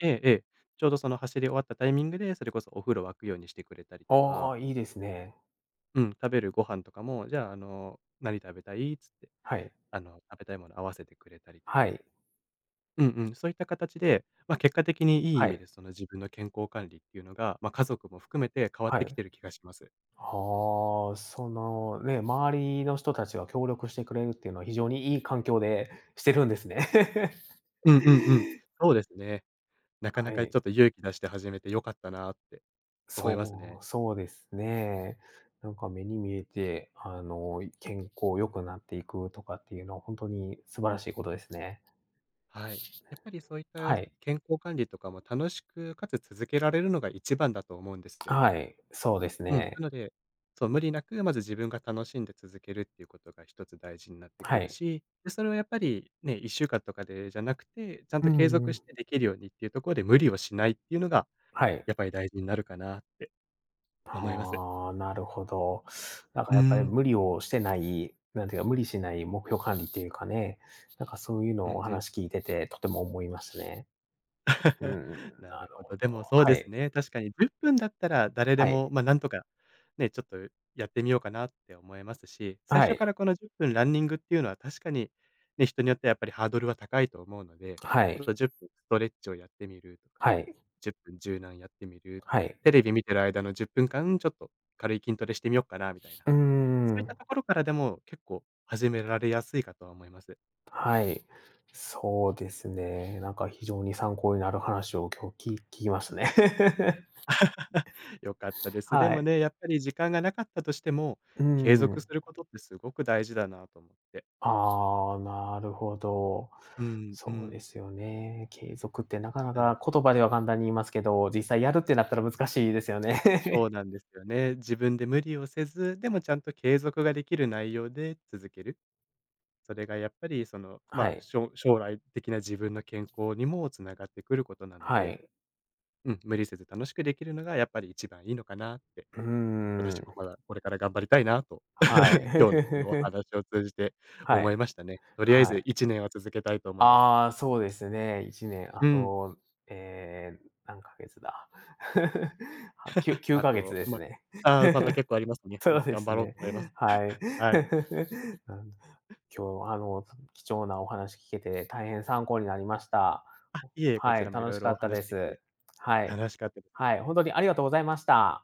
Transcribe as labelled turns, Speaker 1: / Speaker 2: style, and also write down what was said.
Speaker 1: ええええ、ちょうどその走り終わったタイミングで、それこそお風呂沸くようにしてくれたりと
Speaker 2: あ
Speaker 1: か
Speaker 2: あ、いいですね。
Speaker 1: うん、食べるご飯とかも「じゃあ、あの、何食べたい？」つって、
Speaker 2: はい。
Speaker 1: あの食べたいもの合わせてくれたりと
Speaker 2: は
Speaker 1: か
Speaker 2: い。
Speaker 1: うんうん。そういった形で、ま、結果的にいい意
Speaker 2: は
Speaker 1: 味で
Speaker 2: い。
Speaker 1: その自分の健康管理っていうのが、ま、家族も含めて変わっ
Speaker 2: は
Speaker 1: てき
Speaker 2: い。
Speaker 1: てる気がします。
Speaker 2: ああ、そのね、周りの人達が協力してくれるっていうのは非常にいい環境でしてるんですね。
Speaker 1: うんうんうん。そうですね。なかな
Speaker 2: は
Speaker 1: かち
Speaker 2: い。
Speaker 1: ょっと勇気出して始めてよかったなって思います
Speaker 2: そ
Speaker 1: ね。
Speaker 2: う、そうですね。なんか目に見えて、あの健康良くなっていくとかっていうのはほんとに素晴らしいことですね。
Speaker 1: はい。やっぱりそういった
Speaker 2: はい。
Speaker 1: 健康管理とかも楽しくかつ続けられるのが一番だと思うんで すよ。
Speaker 2: はい、そうです
Speaker 1: うん、な
Speaker 2: ね。
Speaker 1: ので、そう、無理なく、まず自分が楽しんで続けるっていうことが1つ大事になって
Speaker 2: は
Speaker 1: くる
Speaker 2: い。
Speaker 1: し、で、それはやっぱり、ね、1週間とかでじゃなくて、ちゃん
Speaker 2: う
Speaker 1: と継
Speaker 2: んう
Speaker 1: 続し
Speaker 2: ん。
Speaker 1: てできるようにっていうとこで無理をしないっていうのが、
Speaker 2: はい。
Speaker 1: やっぱり大事になるかなって思います。
Speaker 2: はあ、なるほど。なん
Speaker 1: う
Speaker 2: か
Speaker 1: ー
Speaker 2: やっぱり
Speaker 1: ん。
Speaker 2: 無理をしてない、なんていうか、無理しない目標管理っていうかね。なんかそういう
Speaker 1: う
Speaker 2: のを
Speaker 1: ん
Speaker 2: お
Speaker 1: うん。
Speaker 2: 話聞いてて、とても思いますね。う ん、
Speaker 1: な
Speaker 2: な
Speaker 1: る
Speaker 2: る
Speaker 1: ほ
Speaker 2: ほ
Speaker 1: ど。でも
Speaker 2: ど。
Speaker 1: そう
Speaker 2: は
Speaker 1: です
Speaker 2: い。
Speaker 1: ね、確かに10分だったら誰で
Speaker 2: はい。
Speaker 1: も、ま、なんとか、ね、ちょっとやってみようかなって思えますし、最
Speaker 2: は
Speaker 1: 初か
Speaker 2: い。
Speaker 1: らこの10分ランニングっていうのは確かに、ね、人によってはやっぱりハードルは高いと思うので、
Speaker 2: は
Speaker 1: ちょっ
Speaker 2: い。
Speaker 1: と10分ストレッチをやってみる、
Speaker 2: はい。
Speaker 1: 10分柔軟やってみる、
Speaker 2: はい。
Speaker 1: テレビ見てる間の10分間ちょっと軽い筋トレしてみよっかなみたいな、
Speaker 2: うんう
Speaker 1: そ
Speaker 2: ん
Speaker 1: う
Speaker 2: う
Speaker 1: いった
Speaker 2: ん。
Speaker 1: ところからでも結構始められやすいかとは思います。
Speaker 2: はい、そうですね。なんか非常に参考になる話を今日き聞きましたね。
Speaker 1: 良かったです。で
Speaker 2: は
Speaker 1: も
Speaker 2: い。
Speaker 1: ね、やっぱり時間が無かったとしても、
Speaker 2: うー
Speaker 1: 継続
Speaker 2: ん。
Speaker 1: することってすごく大事だなと思って。
Speaker 2: ああ、なるほど。
Speaker 1: うんう
Speaker 2: そうで
Speaker 1: ん。
Speaker 2: すよね。継続ってなかな
Speaker 1: なので
Speaker 2: か言葉では簡単に言いますけど、実際やるってなったら難しいですよ
Speaker 1: そう
Speaker 2: ね。
Speaker 1: なんですよね。自分で無理をせず、でもちゃんと継続が出来る内容で続ける。それがやっぱり、その、
Speaker 2: は
Speaker 1: ま、
Speaker 2: い。
Speaker 1: しょ将来的な自分の健康にも繋がっているくることなの
Speaker 2: は
Speaker 1: で、
Speaker 2: い。
Speaker 1: うん、無理せず楽しくできるのがやっぱり一番いいのかなって。
Speaker 2: うー
Speaker 1: 私も
Speaker 2: ん。
Speaker 1: まだこれから頑張りたいなと、
Speaker 2: はい。
Speaker 1: 今日のこのお 話を通じて
Speaker 2: は
Speaker 1: 思い
Speaker 2: い、
Speaker 1: ましたね。とりあえ
Speaker 2: は
Speaker 1: ず
Speaker 2: い。
Speaker 1: 1年は続けたいと思います。
Speaker 2: ああ、そうですね、1年、あ
Speaker 1: うん。
Speaker 2: と、ええ、何ヶ月だ、はきゅ きゅう
Speaker 1: あ
Speaker 2: かげつ
Speaker 1: と、
Speaker 2: で
Speaker 1: ま、
Speaker 2: すね。
Speaker 1: ああ、まだ結構あります ね。う
Speaker 2: そ
Speaker 1: ん、
Speaker 2: うで
Speaker 1: 頑
Speaker 2: す
Speaker 1: 張ろうと
Speaker 2: ね、
Speaker 1: 思います。
Speaker 2: はい。
Speaker 1: はい。
Speaker 2: あん、今日、あの貴重なお話聞けて大変参考になりました。
Speaker 1: あ、いえ、こ
Speaker 2: は
Speaker 1: ち
Speaker 2: い、
Speaker 1: らもい
Speaker 2: 楽
Speaker 1: ろ
Speaker 2: し
Speaker 1: い
Speaker 2: か
Speaker 1: ろお
Speaker 2: った
Speaker 1: 話
Speaker 2: で
Speaker 1: しでき
Speaker 2: す。
Speaker 1: て
Speaker 2: はい、
Speaker 1: 楽しかったで
Speaker 2: はい、ほんとにありがとうございました。